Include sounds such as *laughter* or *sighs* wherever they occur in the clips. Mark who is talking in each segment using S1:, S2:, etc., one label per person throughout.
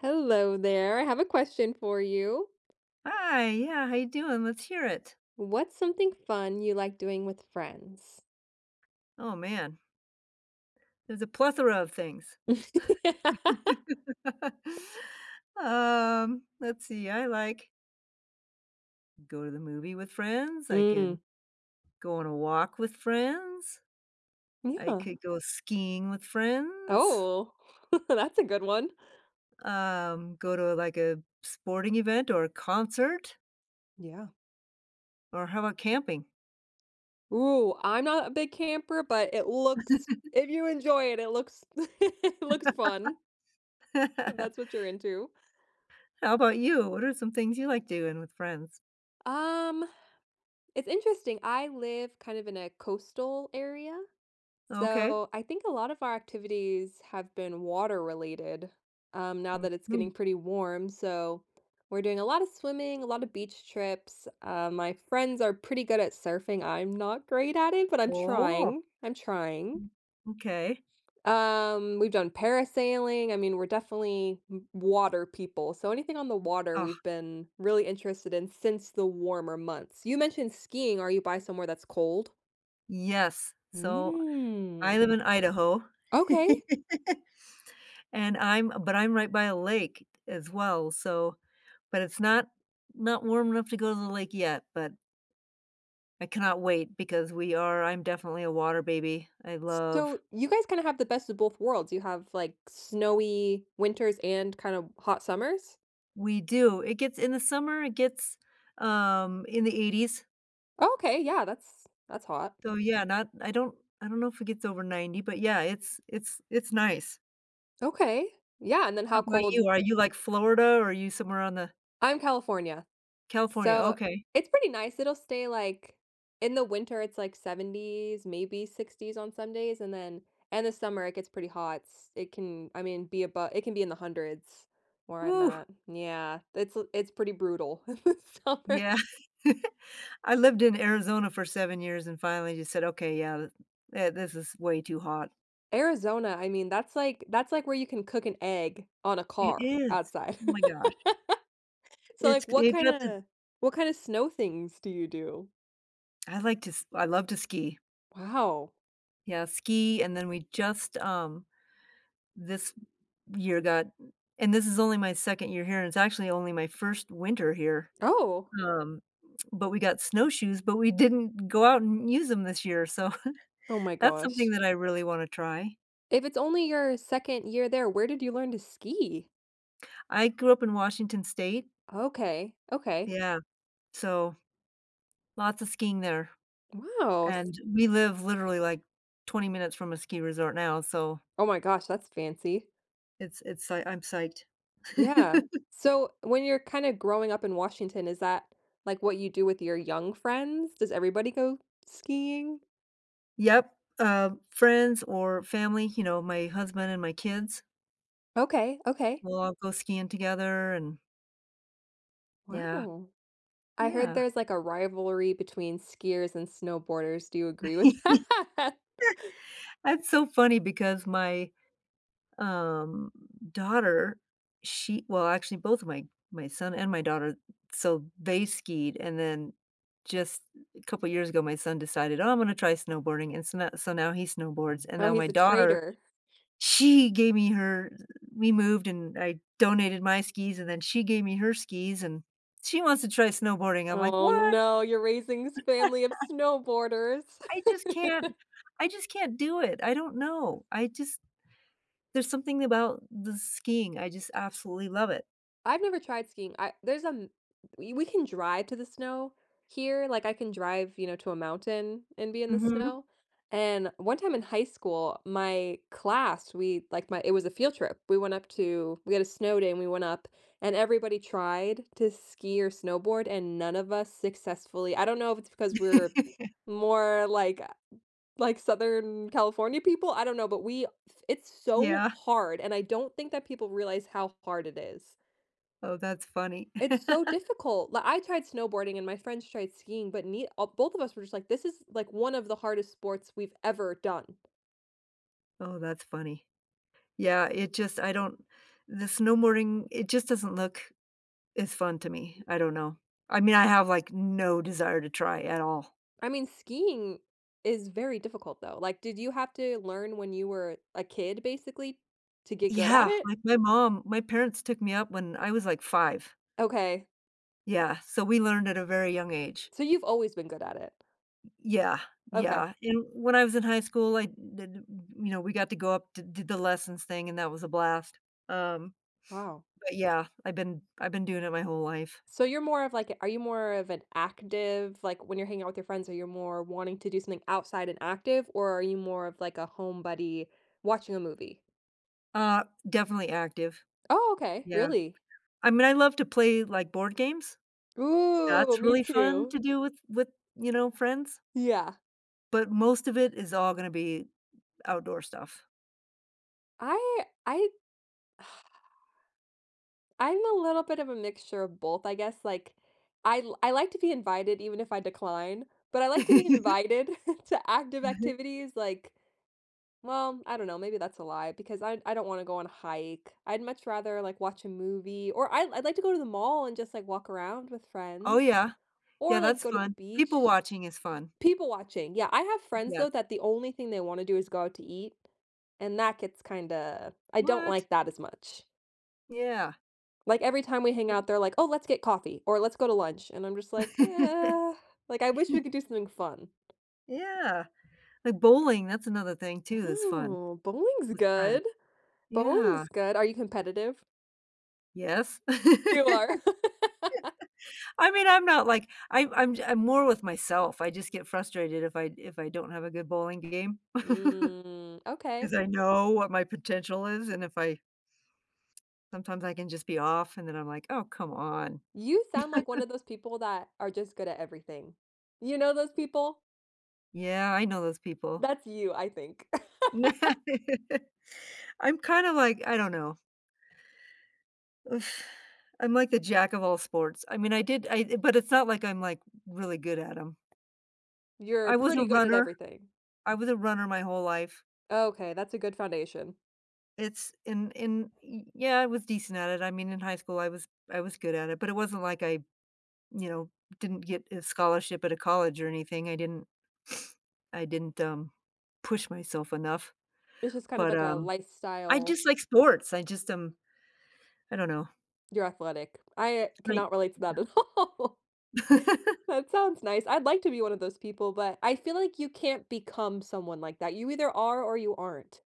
S1: Hello there, I have a question for you.
S2: Hi, yeah, how you doing? Let's hear it.
S1: What's something fun you like doing with friends?
S2: Oh, man. There's a plethora of things. *laughs*
S1: *laughs*
S2: Um, let's see, I like go to the movie with friends, I can
S1: Mm.
S2: go on a walk with friends, I
S1: Yeah.
S2: could go skiing with friends.
S1: Oh, *chuckles* that's a good one.
S2: Um, go to, like, a sporting event or a concert.
S1: Yeah.
S2: Or how 'bout camping?
S1: Ooh, I'm not a big camper, but it looks
S2: *chuckles*
S1: if you enjoy it, it looks *laughs* looks fun
S2: *laughs*
S1: if
S2: *laughs*
S1: that's what you're into.
S2: How 'bout you? What are some things you like doing with friends?
S1: Um. It's interesting, I live kind of in a coastal area,
S2: Okay.
S1: so, I think a lot of our activities have been water related, um, now that it's getting
S2: Mhm.
S1: pretty warm, so, we're doing a lotta swimming, a lotta beach trips, um, my friends are pretty good at surfing, I'm not great at it, but I'm
S2: Oh.
S1: trying. I'm trying.
S2: M m'kay.
S1: Um, we've done parasailing. I mean, we're definitely w water people, so anything on the water,
S2: Ah.
S1: we've been really interested in since the warmer months. You mentioned skiing. Are you by somewhere that's cold?
S2: Yes. So, I live
S1: Mm.
S2: in Idaho,
S1: Okay.
S2: *laughs* and I'm but I'm right by a lake as well, so but it's not not warm enough to go to the lake yet, but I cannot wait because we are I'm definitely a water baby. I love
S1: Stow, you guys kinda have the best of both worlds. You have, like, snowy winters and kind of hot summers?
S2: We do. It gets in the summer, it gets, um, in the 80s.
S1: Okay, yeah. That's that's hot.
S2: Though, yeah, not I don't I don't know if it gets over 90, but, yeah, it's it's it's nice.
S1: Okay. Yeah. And then
S2: How
S1: how
S2: 'bout you?
S1: cold
S2: Are you, like, Florida, or are you somewhere on the
S1: I'm California,
S2: California.
S1: so,
S2: Okay.
S1: it's pretty nice. It'll stay, like in the winter, it's, like, 70s, maybe 60s on Sundays, and then in the summer, it gets pretty hot s It can, I mean, be abo it can be in the 100s where I'm
S2: Whoo.
S1: at. Yeah. It's l it's pretty brutal in the summer.
S2: Yeah. *chuckles* I lived in Arizona for 7 years and finally just said, "Okay, yeah, eh, this is way too hot."
S1: Arizona. I mean, that's like that's like where you can cook an egg on a
S2: It
S1: car
S2: is.
S1: outside.
S2: Oh
S1: *laughs*
S2: my gosh.
S1: So,
S2: It's
S1: like,
S2: c
S1: what
S2: you got the
S1: kinda what kinda snow things do you do?
S2: I like to s I love to ski.
S1: Wow.
S2: Yeah, ski, and then we just, um this year, got and this is only my 2nd year here; it's actually only my 1st winter here
S1: Oh.
S2: um, but we got snowshoes, but we didn't go out and use them this year, so,
S1: Oh
S2: *chuckles*
S1: my
S2: that's something
S1: gosh.
S2: that I really wanna try.
S1: If it's only your 2nd year there, where did you learn to ski?
S2: I grew up in Washington state.
S1: Okay, okay.
S2: Yeah. So, lots of skiing there,
S1: Whoa, s
S2: and we live literally, like, 20 minutes from a ski resort now, so
S1: Oh my gosh, that's fancy.
S2: it's it's like I'm psyched.
S1: Yeah.
S2: *laughs*
S1: So, when you're kinda growing up in Washington, is that, like, what you do with your young friends? Does everybody go skiing?
S2: Yep. Um, friends or family, you know, my husband and my kids
S1: Okay, okay.
S2: we'll all go skiing together and Yeah.
S1: Wow. I heard
S2: Yeah.
S1: there's, like, a rivalry between skiers and snowboarders. Do you agree with
S2: *laughs*
S1: that?
S2: That's so funny because my, um, daughter, she well, actually, both my my son and my daughter so, they skied, and then, just couple years ago, my son decided, "Oh, I'm gonna try snowboarding." And so, no so, now he snowboards. And
S1: Oh,
S2: now
S1: he's
S2: my
S1: a
S2: daughter,
S1: traitor.
S2: she gave me her we moved, and I donated my skis, and then she gave me her skis, and she wants to try snowboarding. I'm like,
S1: Oh,
S2: "What?"
S1: no. You're raising this family of
S2: *laughs*
S1: snowboarders.
S2: I just can't
S1: *laughs*
S2: I just can't do it. I don't know. I just there's something about the skiing. I just absolutely love it.
S1: I've never tried skiing. I there's a m we we can drive to the snow here. Like, I can drive, you know, to a mountain and be in the
S2: Mhm.
S1: snow. And one time, in high school, my class, we, like my it was a field trip. We went up to we had a snow day, and we went up, and everybody tried to ski or snowboard, and none of us successfully I don't know if it's because we're
S2: *chuckles*
S1: more like a like Southern California people? I don't know, but we it's so
S2: Yeah.
S1: hard, and I don't think that people realize how hard it is.
S2: Oh, that's funny.
S1: It's
S2: *laughs*
S1: so difficult. Li I tried snowboarding and my friends tried skiing, but ne uh, both of us were just like, "This is, like, one of the hardest sports we've ever done."
S2: Oh, that's funny. Yeah, it just I don't the snowboarding, it just doesn't look as fun to me. I don't know. I mean, I have, like, no desire to try at all.
S1: I mean, skiing is very difficult, though. Like, did you have to learn when you were a kid, basically, to get good at
S2: Yeah.
S1: it?
S2: Like, my mom my parents took me up when I was, like, 5.
S1: Okay.
S2: Yeah. So we learned at a very young age.
S1: So, you've always been good at it?
S2: Y yeah,
S1: Okay.
S2: yeah. And when I was in high school, I did w you know, we got to go up, di did the lessons thing, and that was a blast. Um,
S1: Wow.
S2: but, yeah, I've been I've been doing it my whole life.
S1: So, you're more of, like, a are you more of an active like, when you're hanging out with your friends, are you more wanting to do something outside and active, or are you more of like a home buddy, watching a movie?
S2: Uh, definitely active.
S1: Oh, okay.
S2: Yeah.
S1: Really?
S2: I mean, I love to play, like, board games.
S1: Ooh,
S2: That's
S1: me
S2: really fun
S1: too.
S2: to do with with, you know, friends
S1: Yeah.
S2: but most of it is all gonna be outdoor stuff.
S1: I I *sighs* I'm a little bit of a mixture of both, I guess, like, I l I like to be invited even if I decline, but I like to be
S2: *chuckles*
S1: invited *chuckles* to active
S2: *chuckles*
S1: activities, like well, I don't know, maybe that's a lie, because I I don't wanna go on a hike. I'd much rather, like, watch a movie, or I'd I'd like to go to the mall and just, like, walk around with
S2: Oh,
S1: friends
S2: yeah. Yeah,
S1: or, like,
S2: that's
S1: go to the
S2: fun. People
S1: beach.
S2: watching is fun.
S1: People watching, yeah. I have friends, though,
S2: Yes.
S1: that the only thing they wanna do is go out to eat, and that gets kinda I don't
S2: What?
S1: like that as much.
S2: Yeah.
S1: Like, every time we hang out,
S2: *unintelligible*
S1: they're like, "Oh, let's get coffee," or, "Let's go to lunch." And I'm just like, "Yeah." Like, I wish we
S2: *chuckles*
S1: could do something fun.
S2: Yeah. Like bowling, that's another thing too that's fun
S1: Oh, bowling's
S2: with friends.
S1: good,
S2: Yeah.
S1: bowling's good. Are you competitive?
S2: Yes. *laughs*
S1: You
S2: I
S1: are? *laughs*
S2: mean, I'm not like I'm I'm ju I'm more with myself. I just get frustrated if I if I don't have a good bowling game,
S1: Mm.
S2: *chuckles*
S1: Okay.
S2: 'cause I know what my potential is, and if I Sometimes I can just be off, and then I'm like, "Oh, come on."
S1: You sound like one
S2: *chuckles*
S1: of those people that are just good at everything. You know those people?
S2: Yeah, I know those people.
S1: That's you, I think. *laughs*
S2: *laughs* I'm kinda, like, I don't know. *sighs* I'm like the jack of all sports, I mean, I did I but it's not like I'm, like, really good at 'em.
S1: You're
S2: I was a
S1: pretty good at
S2: runner.
S1: everything.
S2: I was a runner my whole life.
S1: Okay, that's a good foundation.
S2: It's in in Y yeah, I was decent at it, I mean in high school I was I was good at it, but it wasn't like I, you know, didn't get a scholarship at a college or anything, I didn't *sniffs* I didn't, um, push myself enough.
S1: It's just kind of
S2: But,
S1: like a
S2: um, I
S1: lifestyle
S2: just like sports, I just um, I don't know.
S1: You're athletic, I
S2: Like
S1: cannot relate to that
S2: *unintelligible*
S1: at all.
S2: *laughs*
S1: That sounds nice. I'd like to be one of those people, but I feel like you can't become someone like that, you either are or you aren't.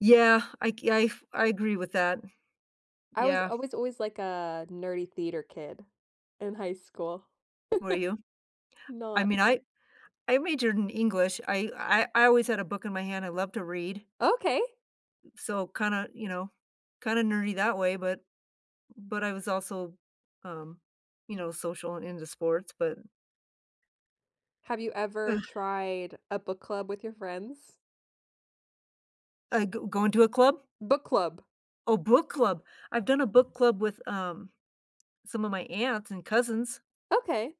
S2: Yeah, I g I've I agree with that.
S1: I was
S2: Yeah.
S1: always always like a nerdy theater kid in high school.
S2: Were you?
S1: *chuckles*
S2: I
S1: Not
S2: mean, I I majored in English, I I I always had a book in my hand, I love to read.
S1: Okay.
S2: So, kinda, you know kinda nerdy that way, but but I was also, um, you know, social and into sports, but
S1: Have you ever
S2: Ugh.
S1: tried a book club with your friends?
S2: Uh, g going to a club?
S1: Book club.
S2: Oh, book club! I've done a book club with, um, some of my aunts and cousins.
S1: Okay.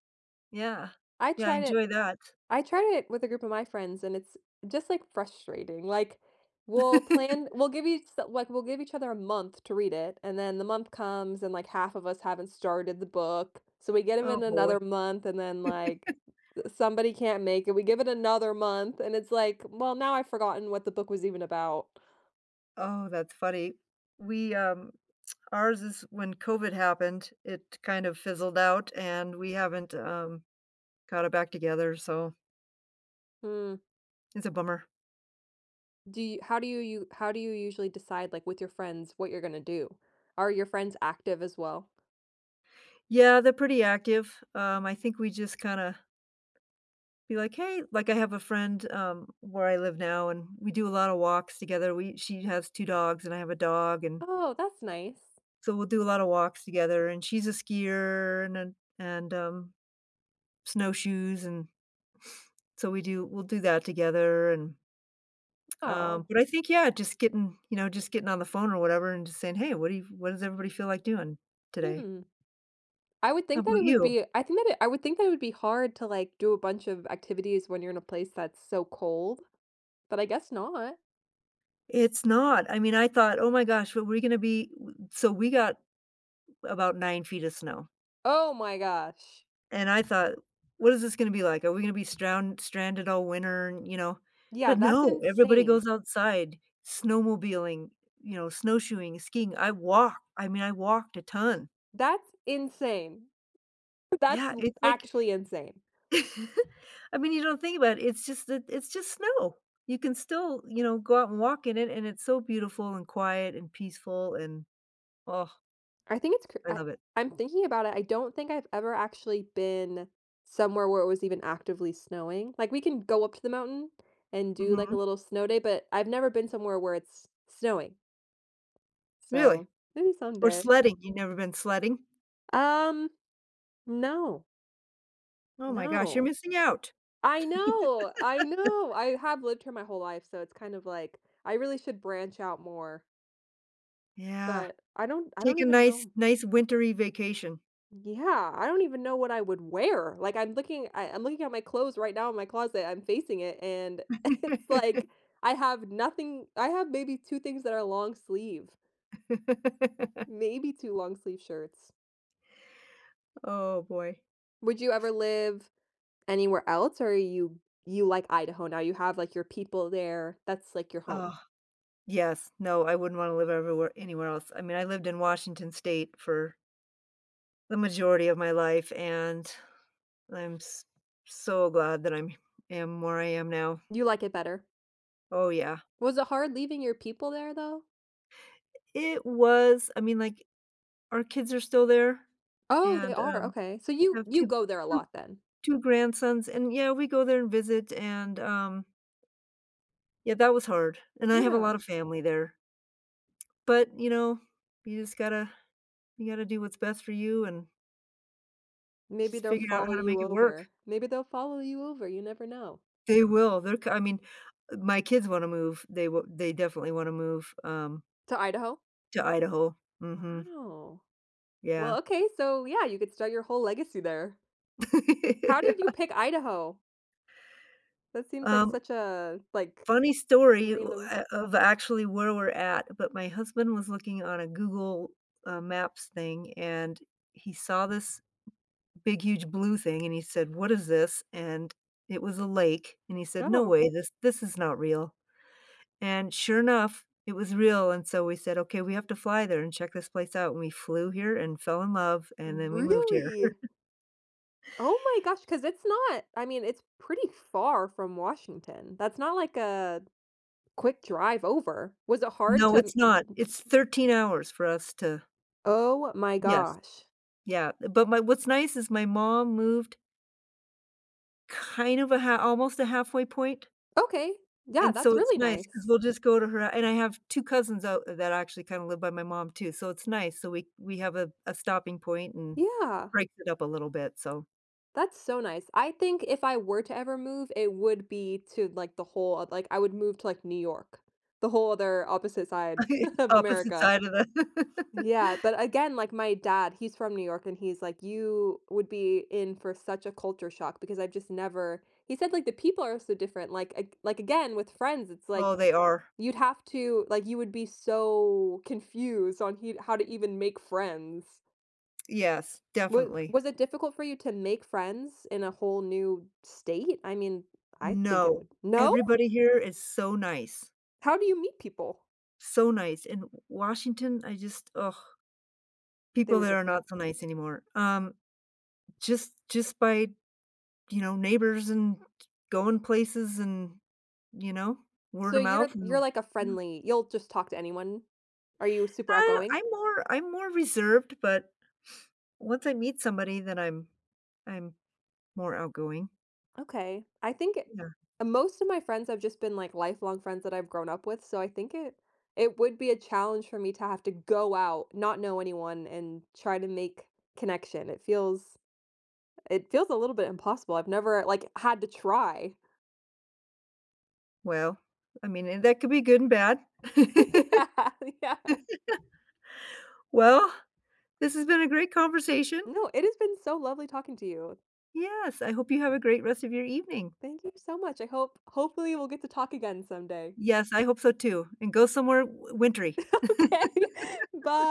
S2: Yeah.
S1: I
S2: Yeah, I
S1: tried it
S2: enjoy that.
S1: I tried it with a group of my friends, and it's just, like, frustrating. Like, we'll
S2: *chuckles*
S1: plan we'll give each like, we'll give each other a month to read it, and then the month comes and, like, half of us haven't started the book, so we get 'em
S2: Oh,
S1: in
S2: boy.
S1: another month and then, like,
S2: *chuckles*
S1: uh, somebody can't make it, we give it another month and it's like, "Well, now I've forgotten what the book was even about."
S2: Oh, that's funny. We, um ours is when COVID happened, it kind of fizzled out, and we haven't, um, got it back together, so
S1: Hmm.
S2: it's a bummer.
S1: Do you how do you u how do you usually decide, like, with your friends, what you're going to do? Are your friends active as well?
S2: Yeah, they're pretty active. Um, I think, we just kinda be like, "Hey" Like, I have a friend, um, where I live now, and we do a lot of walks together. We She has 2 dogs, and I have a dog and
S1: Oh, that's nice.
S2: so, we'll do a lot of walks together, and she's a skier and an and, um, snowshoes and so we do we'll do that together, and um,
S1: Oh.
S2: but I think, yeah, just getting, you know, just getting on the phone or whatever and just saying, "Hey, what do you what does everybody feel like doing today?"
S1: Hmm. I would
S2: How
S1: think that
S2: 'bout
S1: it would
S2: you?
S1: be I think that it I would think that it would be hard to, like, do a bunch of activities when you're in a place that's so cold, but I guess not.
S2: It's not. I mean, I thought, "Oh my gosh, but we gonna be w w" So, we got about 9 feet of snow
S1: Oh my gosh.
S2: and I thought, "What is this gonna be like? Are we gonna be stround stranded all winter, you know?"
S1: Yeah.
S2: But
S1: That's
S2: no, everybody
S1: insane.
S2: goes outside, snowmobiling, you know, snowshoeing, skiing. I walk I mean, I walked a ton.
S1: That's insane. That's
S2: Yeah. It's
S1: i
S2: like
S1: actually insane.
S2: *chuckles* I mean, you don't think about it. It's just that it's just snow. You can still, you know, go out and walk in it, and it's so beautiful, and quiet, and peaceful, and ah
S1: I think it's cr
S2: I
S1: I
S2: love it.
S1: I'm thinking about it. I don't think I've ever actually been somewhere where it was even actively snowing. Like, we can go up to the mountain and do, like, a
S2: Mhm.
S1: little snow day, but I've never been somewhere where it's snowing.
S2: Really?
S1: So, maybe
S2: Or
S1: someday.
S2: sledding. You never been sledding?
S1: Um, no.
S2: Oh my gosh. You're
S1: No.
S2: missing out.
S1: I know, I
S2: *laughs*
S1: know. I have lived here my whole life, so it's kind of like, I really should branch out more
S2: Yeah.
S1: but I don't I don't
S2: Take a
S1: even
S2: nice
S1: know.
S2: nice wintery vacation.
S1: Yeah. I don't even know what I would wear. Like, I'm looking I I'm looking at my clothes right now in my closet, I'm facing it, and *chuckles* it's like,
S2: *laughs*
S1: I have nothing I have maybe 2 things that are long sleeve.
S2: *laughs*
S1: Maybe 2 long-sleeve shirts.
S2: Oh, boy.
S1: Would you ever live anywhere else, or you you like Idaho now? You have, like, your people there, that's, like, your home.
S2: Uh, yes. No, I wouldn't wanna live everywhere anywhere else. I mean, I lived in Washington State for the majority of my life, and I'm s so glad that I'm am where I am now.
S1: You like it better?
S2: Oh, yeah.
S1: Was it hard leaving your people there, though?
S2: I It was. I mean, like, our kids are still there
S1: Oh, they
S2: and,
S1: are.
S2: um,
S1: Okay. So, you
S2: have
S1: you
S2: two,
S1: go there a
S2: two,
S1: lot then?
S2: two grandsons, and, yeah, we go there and visit, and, um yeah, that was hard. And I have a lot
S1: Yeah.
S2: of family there. But, you know, you just gotta you gotta do what’s best for you and
S1: Maybe
S2: just
S1: they'll
S2: figure out
S1: follow
S2: how to
S1: you
S2: make it work.
S1: over. Maybe they'll follow you over, you never know.
S2: They will, they're c I mean, my kids wanna move, they w they definitely wanna move, um
S1: To Idaho?
S2: To Idaho, mhm.
S1: Wow.
S2: Yeah.
S1: Well, okay, so, yeah, you could start your whole legacy there.
S2: *laughs*
S1: How
S2: Yeah.
S1: did you pick Idaho? That seems like
S2: Um
S1: such a, like
S2: Funny story, ooh
S1: random
S2: eh of actually where we're at, but my husband was looking on a Google, uh, Maps thing, and he saw this big, huge blue thing, and he said, "What is this?" And it was a lake, and he said, "No
S1: Oh g
S2: way, this this is not real," and sure enough it was real, and so we said, "Okay, we have to fly there and check this place out," and we flew here and fell in love, and then we moved here.
S1: Really?
S2: *chuckles*
S1: Oh my gosh, 'cause it's not I mean, it's pretty far from Washington, that's not like a quick drive over, was it hard
S2: No,
S1: to n
S2: it's
S1: n
S2: not,
S1: n
S2: it's 13 hours for us to
S1: Oh my
S2: Yes.
S1: gosh.
S2: Yeah, but my what's nice is my mom moved kind of a ha almost a halfway point.
S1: Okay. Yeah,
S2: And
S1: that's
S2: so it's
S1: really
S2: nice 'cause
S1: nice.
S2: we'll just go to her and I have 2 cousins out that actually kinda live by my mom too, so it's nice, so we we have a a stopping point and
S1: Yeah.
S2: breaks it up a little bit, so
S1: That's so nice, I think if I were to ever move it would be to, like, the whole oth uh, like, I would move to, like, New York, the whole other opposite side
S2: *chuckles*
S1: *chuckles* of
S2: Opposite
S1: America.
S2: side of the
S1: Yeah,
S2: *laughs*
S1: but again, like my dad, he's from New York and he's like, "You would be in for such a culture shock because I've just never" he said, like, the people are so different, like ag like, again, with friends, it's like
S2: Oh, they are.
S1: you'd have to like, you would be so confused on he how to even make friends.
S2: Yes.
S1: Wa
S2: Definitely.
S1: was it difficult for you to make friends in a whole new state? I mean, I think it
S2: No.
S1: would no?!
S2: Everybody here is so nice.
S1: How do you meet people?
S2: So nice. In W Washington, I just ugh,
S1: They
S2: people
S1: were
S2: there are
S1: different.
S2: not so nice anymore. Um, just just by, d you know, neighbors and going places and, you know,
S1: So, you're
S2: word-of-mouth.
S1: you're like a
S2: *unintelligible*
S1: friendly you'll just talk to anyone? Are you super
S2: Uh,
S1: outgoing?
S2: I'm more I'm more reserved, but once I meet somebody, then I'm I'm more outgoing.
S1: Okay. I think it
S2: Yeah.
S1: uh, most of my friends have just been, like, lifelong friends that I've grown up with, so I think it it would be a challenge for me to have to go out, not know anyone, and try to make connection. It feels it feels a little bit impossible. I've never, like, had to try.
S2: Well, I mean, and that could be good and bad.
S1: *laughs* Yeah. Yeah.
S2: *laughs* Well, this has been a great conversation.
S1: No. It has been so lovely talking to you.
S2: Yes. I hope you have a great rest of your evening.
S1: Thank you so much. I hope hopefully, we'll get to talk again someday.
S2: Yes, I hope so too. And go somewhere w wintery.
S1: Okay.
S2: *laughs*
S1: By